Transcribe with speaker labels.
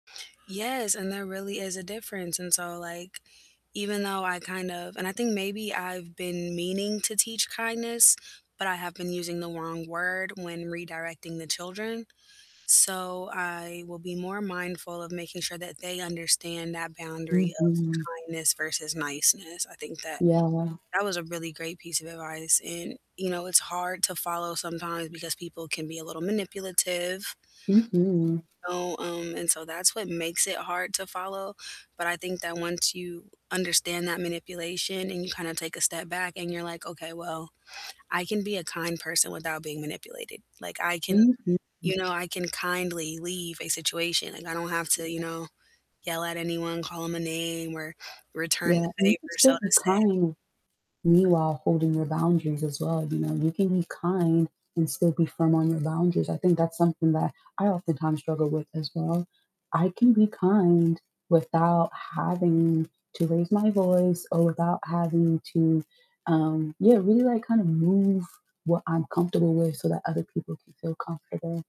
Speaker 1: Yes, and there really is a difference, and so, like, even though I kind of and I think maybe I've been meaning to teach kindness, but I have been using the wrong word when redirecting the children, so I will be more mindful of making sure that they understand that boundary of
Speaker 2: Mhm.
Speaker 1: kindness versus niceness. I think that
Speaker 2: Yeah.
Speaker 1: that was a really great piece of advice, and, you know, it's hard to follow sometimes because people can be a little manipulative,
Speaker 2: Mhm.
Speaker 1: so, um, and so that's what makes it hard to follow, but I think that once you understand that manipulation and you kinda take a step back and you're, like, "Okay, well, I can be a kind person without being manipulated." Like, I can,
Speaker 2: Mhm.
Speaker 1: you know, I can kindly leave a situation, like, I don't have
Speaker 2: Yeah.
Speaker 1: to, you know, yell at anyone, call 'em, a name, or return
Speaker 2: Yeah,
Speaker 1: the
Speaker 2: and you can
Speaker 1: favor, so
Speaker 2: still
Speaker 1: to
Speaker 2: be
Speaker 1: say.
Speaker 2: kind meanwhile holding your boundaries as well, you know, you can be kind and still be firm on your boundaries. I think that's something that I oftentimes struggle with as well, I can be kind without having to raise my voice or without having to, um, yeah, really, like, kind of move what I'm comfortable with so that other people can feel comfortable.